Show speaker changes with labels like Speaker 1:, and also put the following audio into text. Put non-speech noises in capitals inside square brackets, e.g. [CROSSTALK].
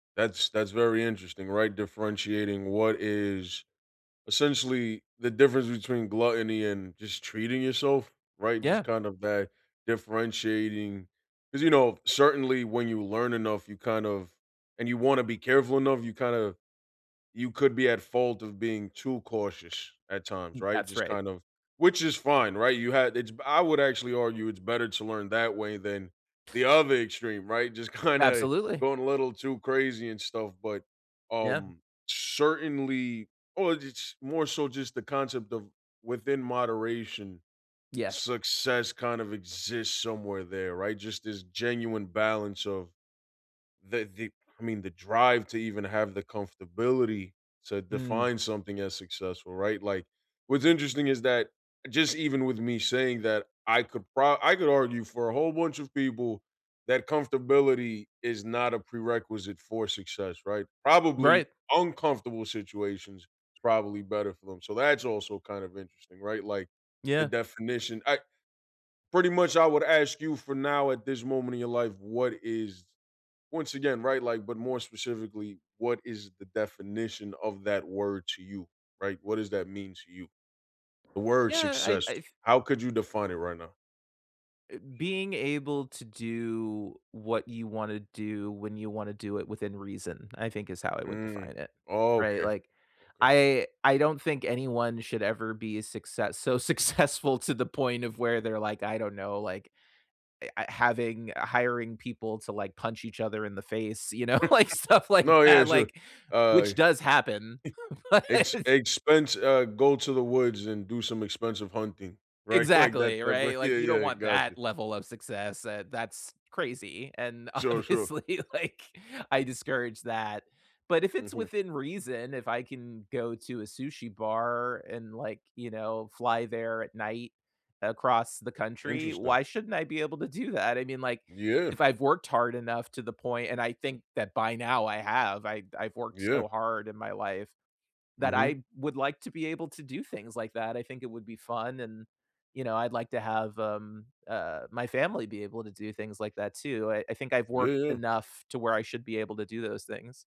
Speaker 1: That's that's very interesting, right, differentiating what is essentially the difference between gluttony and just treating yourself, right, just
Speaker 2: Yeah.
Speaker 1: kind of that differentiating 'cause, you know, certainly when you learn enough you kind of and you wanna be careful enough, you kinda you could be at fault of being too cautious at times,
Speaker 2: M
Speaker 1: right,
Speaker 2: that's
Speaker 1: just
Speaker 2: right.
Speaker 1: kind of which is fine, right, you had it's b I would actually argue it's better to learn that way than the other extreme, right, just kinda
Speaker 2: Absolutely.
Speaker 1: going a little too crazy and stuff, but,
Speaker 2: Yeah.
Speaker 1: um, certainly, or j ch more so just the concept of within moderation.
Speaker 2: Yes.
Speaker 1: Success kind of exists somewhere there, right, just this genuine balance of the the, I mean, the drive to even have the comfortability to
Speaker 2: Hmm.
Speaker 1: define something as successful, right, like, what's interesting is that just even with me saying that I could pro I could argue for a whole bunch of people that comfortability is not a prerequisite for success, right, probably
Speaker 2: Right.
Speaker 1: uncomfortable situations, it's probably better for them, so, that's also kind of interesting, right, like the
Speaker 2: Yeah.
Speaker 1: definition I pretty much I would ask you for now at this moment in your life, what is Once again, right, like, but more specifically, what is the definition of that word to you, right, what does that mean to you? The word
Speaker 2: Yeah, I
Speaker 1: success;
Speaker 2: I f
Speaker 1: how could you define it right now?
Speaker 2: Eh, being able to do what you wanna do when you wanna do it within reason I think is how I would
Speaker 1: Mm.
Speaker 2: define it, right,
Speaker 1: Okay.
Speaker 2: like,
Speaker 1: Okay.
Speaker 2: I I don't think anyone should ever be a success so successful to the point of where they're like, I don't know, like, eh, uh, having hiring people to, like, punch each other in the face, you know, like,
Speaker 1: [LAUGHS]
Speaker 2: stuff like
Speaker 1: No, yeah,
Speaker 2: that,
Speaker 1: sure,
Speaker 2: like, which
Speaker 1: I [CHUCKLES]
Speaker 2: does happen, but it
Speaker 1: ex
Speaker 2: is
Speaker 1: expense uh, go to the woods and do some expensive hunting, right, like that
Speaker 2: Exactly,
Speaker 1: type of
Speaker 2: right,
Speaker 1: yeah
Speaker 2: like, you
Speaker 1: yeah,
Speaker 2: don't
Speaker 1: I
Speaker 2: want
Speaker 1: gotcha.
Speaker 2: that level of success, uh, that's crazy, and,
Speaker 1: Sure, sure.
Speaker 2: obviously, like, I discourage that, but if it's
Speaker 1: Mhm.
Speaker 2: within reason, if I can go to a sushi bar and, like, you know, fly there at night across the country.
Speaker 1: Interesting.
Speaker 2: Why shouldn't I be able to do that? I mean, like,
Speaker 1: Yeah.
Speaker 2: if I've worked hard enough to the point and I think that by now I have. I I've worked
Speaker 1: Yeah.
Speaker 2: so hard in my life that
Speaker 1: Mhm.
Speaker 2: I would like to be able to do things like that. I think it would be fun, and, you know, I'd like to have, um, uh, my family be able to do things like that, too. I I think I've
Speaker 1: Yeah,
Speaker 2: worked
Speaker 1: yeah.
Speaker 2: enough to where I should be able to do those things.